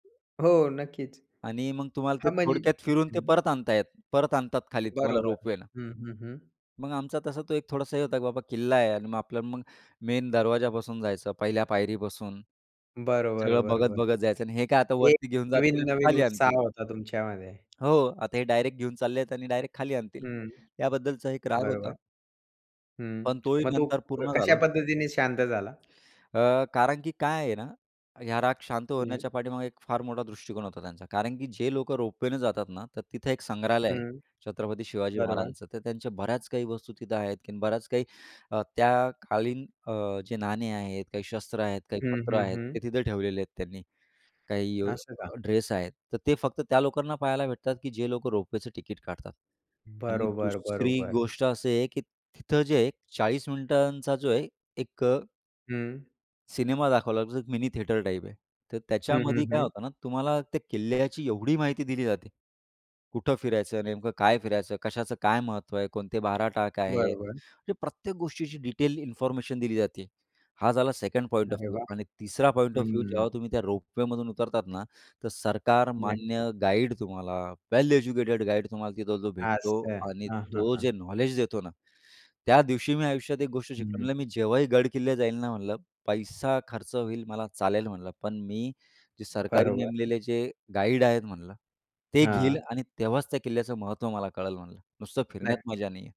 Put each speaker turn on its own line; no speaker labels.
हो, नक्कीच.
आणि मग तुम्हाला ते
हां म्हणजे
थोडक्यात फिरून ते
हं.
परत आताहेत. परत आणतात खाली तुम्हाला
बरोबर.
रोपवेला.
हं, हं, हं.
मग आमचा तसा तो एक थोडासा हे होता, की बाबा किल्ला आहे आणि मग आपल्याला मग मेन दरवाज्यापासून जायचं पहिल्या पायरीपासून
बरोबर,
सगळं बघत,
बरोबर.
बघत जायचं आणि हे काय आता
ते
वरती घेऊन जातील आणि
नवीन-नवीन
खाली
उत्साह
आणतील.
होता तुमच्यामध्ये.
हो. आता हे डायरेक्ट घेऊन चाललेत आणि डायरेक्ट खाली आणतील.
हं.
याबद्दलचा एक राग होता
बरोबर. हं.
पण तोही
मग तू
नंतर पूर्ण
कशा
झाला.
पद्धतीने शांत झाला?
अ, कारण की काय आहे ना, ह्या राग शांत
हं.
होण्याच्या पाठीमागे एक फार मोठा दृष्टिकोन होता त्यांचा. कारण की जे लोकं रोपवेने जातात ना, तर तिथं एक संग्रहालय आहे,
हं.
छत्रपती शिवाजी
बरोबर.
महाराजांचं. तर त्यांच्या बऱ्याच काही वस्तु तिथं आहेत, की बऱ्याच काही अ, त्या कालीन अ, जे नाणे आहेत, काही शस्त्र आहेत, काही
हं,
पत्र
हं,
आहेत, ते
हं.
तिथं ठेवलेले आहेत त्यांनी. काही अ,
असं का.
ड्रेस आहेत तर ते फक्त त्या लोकांना पाहायला भेटतात, की जे लोकं रोपवेचं तिकीट काढतात. आणि
बरोबर,
दुसरी
बरोबर.
गोष्ट अशी आहे की तिथं जे आहे 40 मिनिटांचा जे आहे एक अ
हं.
सिनेमा दाखवला जातो. मिनी थिएटर टाइप आहे. तर
हं, हं,
त्याच्यामध्ये काय
हं.
होतं ना, तुम्हाला त्या किल्ल्याची एवढी माहिती दिली जाते. कुठं फिरायचं, नेमकं काय फिरायचं कशाचं काय महत्त्व आहे. कोणते 12 टाक आहे.
बरोबर.
म्हणजे प्रत्येक गोष्टीची डिटेल इन्फॉर्मेशन दिली जाते. हा झाला सेकंड पॉइंट ऑफ
अरे
व्ह्यू
वाह!
आणि तिसरा पॉइंट ऑफ
हं,
व्ह्यू
हं.
जेव्हा तुम्ही त्या रोपवेमधून उतरतात ना, तर सरकार
नक्कीच.
मान्य गाईड तुम्हाला वेल एज्युकेटेड गाईड तुम्हाला तिथं जो भेटतो
असं.
आणि
हां, हां,
तो
हां.
जे नॉलेज देतो ना, त्या दिवशी मी आयुष्यात एक गोष्ट शिकलो
हं.
म्हटलं, "मी जेव्हाही गडकिल्ले जाईल ना," म्हटलं, "पैसा खर्च होईल मला चालेल," म्हणलं, "पण मी जे सरकारी
बरोबर.
नेमलेले जे गाईड आहेत," म्हटलं. "ते घेईल
हां.
आणि तेव्हाच त्या किल्ल्याचं महत्व मला कळेल," म्हणलं, "नुसतं फिरण्यात
नक्कीच.
मजा नाहीये."